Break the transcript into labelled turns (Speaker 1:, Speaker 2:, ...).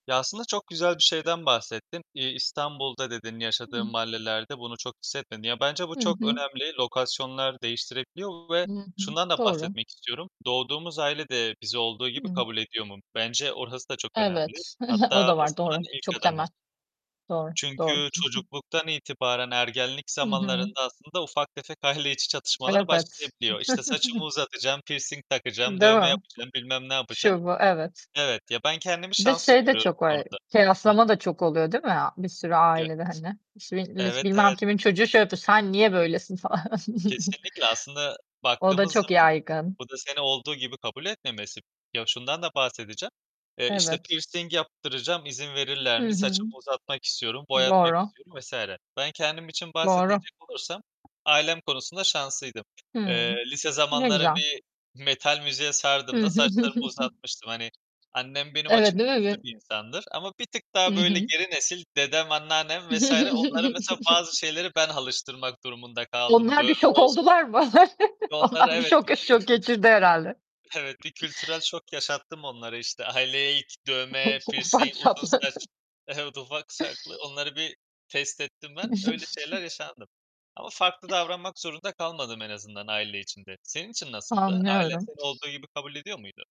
Speaker 1: Ya, aslında çok güzel bir şeyden bahsettin. İ İstanbul'da dedin, yaşadığın
Speaker 2: [unintelligible]
Speaker 1: mahallelerde bunu çok hissetmedin. Ya, bence bu
Speaker 2: Hı
Speaker 1: çok
Speaker 2: hı.
Speaker 1: önemli, lokasyonlar değiştirebiliyor ve
Speaker 2: Hı hı.
Speaker 1: şundan da
Speaker 2: Doğru.
Speaker 1: bahsetmek istiyorum: Doğduğumuz aile de bizi olduğu gibi
Speaker 2: Hı.
Speaker 1: kabul ediyor mu? Bence orası da çok önemli.
Speaker 2: Evet,
Speaker 1: Hatta
Speaker 2: o da var,
Speaker 1: basamağın
Speaker 2: doğru.
Speaker 1: ilk
Speaker 2: Çok
Speaker 1: adımı.
Speaker 2: temel. Doğru, doğru,
Speaker 1: Çünkü
Speaker 2: hı hı.
Speaker 1: çocukluktan itibaren ergenlik
Speaker 2: Hı hı.
Speaker 1: zamanlarında aslında ufak tefek aile içi çatışmalar
Speaker 2: [unintelligible]
Speaker 1: başlayabiliyor. İşte, saçımı uzatacağım, pirsing takacağım,
Speaker 2: Değil
Speaker 1: dövme
Speaker 2: mi?
Speaker 1: yapacağım, bilmem ne yapacağım.
Speaker 2: Şu, bu, evet.
Speaker 1: Evet, ya, ben kendimi
Speaker 2: Bir de
Speaker 1: şanslı
Speaker 2: şey de
Speaker 1: görüyorum o
Speaker 2: çok var:
Speaker 1: konuda. Hı.
Speaker 2: Kıyaslama da çok oluyor, değil mi, a bir sürü
Speaker 1: [unintelligible]
Speaker 2: ailede hani? İşte, millet
Speaker 1: Evet,
Speaker 2: bilmem
Speaker 1: evet.
Speaker 2: kimin çocuğu şey yapıyor, sen niye böylesin falan.
Speaker 1: Kesinlikle, aslında
Speaker 2: O da
Speaker 1: baktığımız
Speaker 2: çok
Speaker 1: zaman
Speaker 2: yaygın.
Speaker 1: bu da seni olduğu gibi kabul etmemesi. Ya, şundan da bahsedeceğim, eee, işte,
Speaker 2: Evet.
Speaker 1: pirsing yaptıracağım, izin verirler
Speaker 2: Hı
Speaker 1: mi?
Speaker 2: hı.
Speaker 1: Saçımı uzatmak istiyorum, boyatmak
Speaker 2: Doğru.
Speaker 1: istiyorum vs. Ben kendim için
Speaker 2: Doğru.
Speaker 1: bahsedecek olursam ailem konusunda şanslıydım.
Speaker 2: Hı.
Speaker 1: Eee, lise
Speaker 2: Ne
Speaker 1: zamanları
Speaker 2: güzel.
Speaker 1: bir metal müziğe sardığımda saçlarımı uzatmıştım, hani, annem benim açık
Speaker 2: Evet, değil mi
Speaker 1: görüşlü
Speaker 2: bir
Speaker 1: bir insandır ama bir tık
Speaker 2: Hı
Speaker 1: daha böyle
Speaker 2: hı.
Speaker 1: geri nesil dedem, anneannem vs. onlara mesela bazı şeyleri ben alıştırmak durumunda kaldım.
Speaker 2: Onlar bir
Speaker 1: Dövme
Speaker 2: şok
Speaker 1: olsun
Speaker 2: oldular mı?
Speaker 1: onlara
Speaker 2: Onlar bir
Speaker 1: evet.
Speaker 2: şok şok
Speaker 1: [unintelligible]
Speaker 2: geçirdi herhâlde.
Speaker 1: Evet, bir kültürel şok yaşattım onlara, işte. Aileye ilk, dövme, pirsing,
Speaker 2: Ufak
Speaker 1: uzun
Speaker 2: çaplı.
Speaker 1: saç Evet, ufak çaplı onları bir test ettim ben. Öyle şeyler yaşandım ama farklı davranmak zorunda kalmadım en azından aile içinde. Senin için nasıldı? Ailen
Speaker 2: Anlıyorum.
Speaker 1: seni olduğu gibi kabul ediyor muydu?